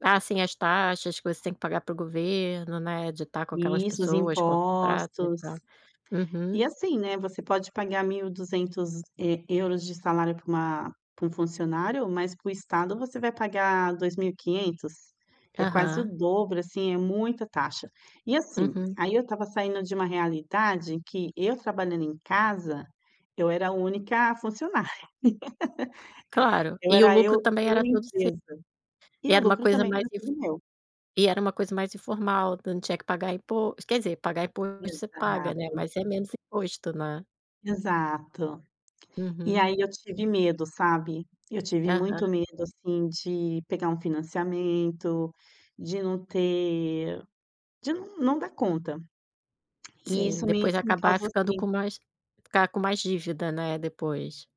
Ah, sim. As taxas que você tem que pagar para o governo, né, de estar com aquelas Isso, os pessoas, contrato e impostos. tal. Uhum. E assim, né, você pode pagar £1200 de salário para uma para um funcionário, mas para o estado você vai pagar £2500. É quase o Aham. dobro, assim, é muita taxa. E assim, Uhum. aí eu estava saindo de uma realidade que eu trabalhando em casa, eu era a única funcionária. Claro, Eu e o era lucro eu também eu era todo seu, empresa. E e o era uma lucro coisa também era mais inf tudo meu. e era uma coisa mais informal, então não tinha que pagar impos quer dizer, imposto você paga, né, Exato. mas é menos imposto, né. Exato. E Uhum. aí eu tive medo, sabe? Eu tive Aham. muito medo, assim, de pegar um financiamento, de não ter de não não dar conta. E Sim, isso me depois me acabar causou ficando com sim. mais ficar com mais dívida, né, depois.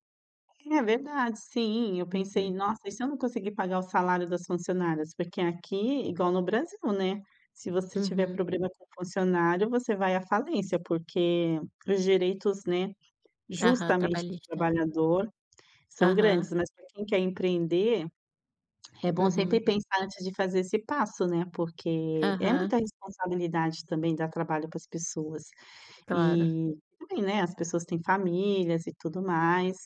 É verdade, sim, eu pensei: Uhum. "Nossa, e se eu não conseguir pagar o salário das funcionárias?" Porque aqui, igual no Brasil, né, se você tiver Uhum. problema com funcionário você vai à falência, porque os direitos, né, Aham, justamente, do trabalhista. trabalhador são Aham. grandes. Mas para quem quer empreender, é bom sempre Uhum. pensar antes de fazer esse passo, né, porque é Aham. muita responsabilidade também dar trabalho para as pessoas. Claro. E também, né, as pessoas têm famílias e tudo mais.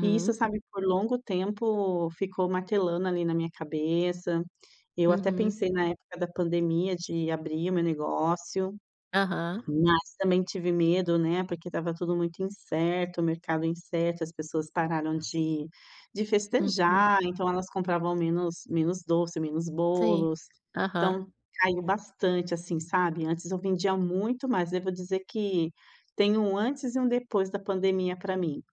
E isso, sabe, por longo tempo ficou martelando ali na minha cabeça. Eu até Uhum. pensei na época da pandemia de abrir o meu negócio, Aham. mas também tive medo, né, porque estava tudo muito incerto, o mercado incerto, as pessoas pararam de de Uhum. festejar, então elas compravam menos menos doce, menos Sim, bolos, aham. então caiu bastante, assim, sabe. Antes eu vendia muito mais, eu vou dizer que tem um antes e um depois da pandemia para mim.